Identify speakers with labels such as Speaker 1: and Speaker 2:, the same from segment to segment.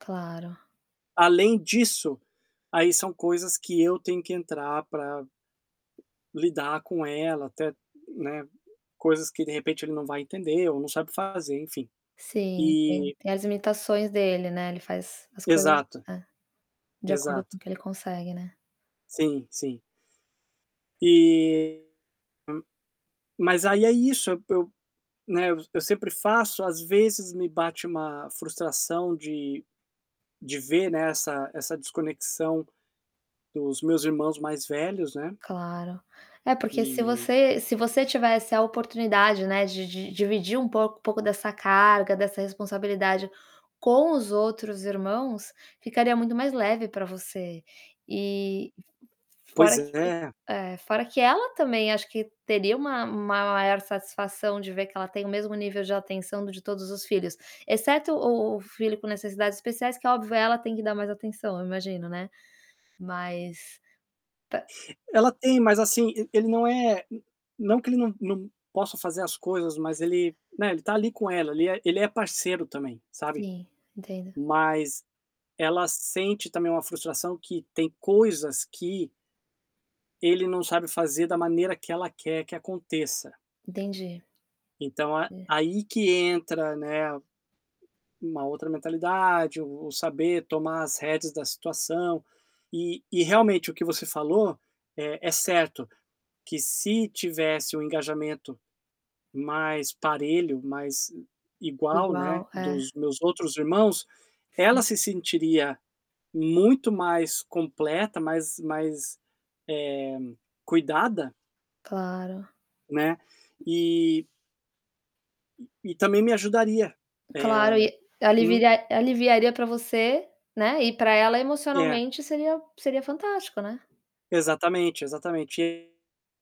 Speaker 1: Claro.
Speaker 2: Além disso, aí são coisas que eu tenho que entrar para lidar com ela, até, né, coisas que de repente ele não vai entender ou não sabe fazer, enfim.
Speaker 1: Sim, tem
Speaker 2: E
Speaker 1: tem as imitações dele, né. Ele faz as coisas
Speaker 2: Exato.
Speaker 1: é, de acordo com
Speaker 2: Exato.
Speaker 1: o que ele consegue, né.
Speaker 2: Sim, sim. Eh, hum, mas aí é isso, eu, né, eu sempre faço, às vezes me bate uma frustração de de ver, né, essa essa desconexão dos meus irmãos mais velhos, né.
Speaker 1: Claro. É, porque se
Speaker 2: E
Speaker 1: você se você tivesse a oportunidade, né, de de dividir um pouco pouco dessa carga, dessa responsabilidade com os outros irmãos, ficaria muito mais leve para você. E f f
Speaker 2: Pois
Speaker 1: fora que
Speaker 2: é.
Speaker 1: eh, é, fora que ela também acho que teria uma uma maior satisfação de ver que ela tem o mesmo nível de atenção do de todos os filhos, exceto o o filho com necessidades especiais, que óbvio, ela tem que dar mais atenção, eu imagino, né. Mas, tá
Speaker 2: Ela tem, mas assim, e ele não é não que ele num num possa fazer as coisas, mas ele, né, ele tá ali com ela, ele é ele é parceiro também, sabe.
Speaker 1: Sim, entendo.
Speaker 2: Mas ela sente também uma frustração que tem coisas que Ele não sabe fazer da maneira que ela quer que aconteça.
Speaker 1: Entendi.
Speaker 2: Então a
Speaker 1: É.
Speaker 2: aí que entra, né, uma outra mentalidade, o saber tomar as rédeas da situação. E e realmente o que você falou, é é certo, que se tivesse um engajamento mais parelho, mais, eh, igual, né,
Speaker 1: Igual, é.
Speaker 2: dos meus outros irmãos,
Speaker 1: Sim.
Speaker 2: ela se sentiria muito mais completa, mais mais, eh, cuidada
Speaker 1: Claro.
Speaker 2: Né. E Eh. E também me ajudaria.
Speaker 1: Claro,
Speaker 2: Eh,
Speaker 1: e
Speaker 2: hum?
Speaker 1: alivi aliviaria para você, né, e para ela
Speaker 2: É.
Speaker 1: emocionalmente seria seria fantástico, né.
Speaker 2: Exatamente, exatamente. E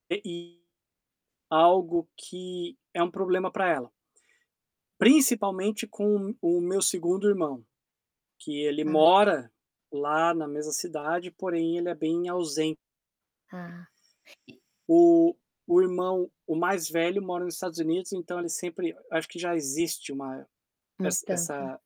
Speaker 2: eh, e algo que é um problema para ela. Principalmente com o meu segundo irmão, que ele
Speaker 1: Ah.
Speaker 2: mora lá na mesma cidade, porém ele é bem ausen
Speaker 1: Ah, e
Speaker 2: o o irmão o mais velho mora nos Estados Unidos, então ele sempre acho que já existe uma,
Speaker 1: Uma
Speaker 2: ess
Speaker 1: distância.
Speaker 2: essa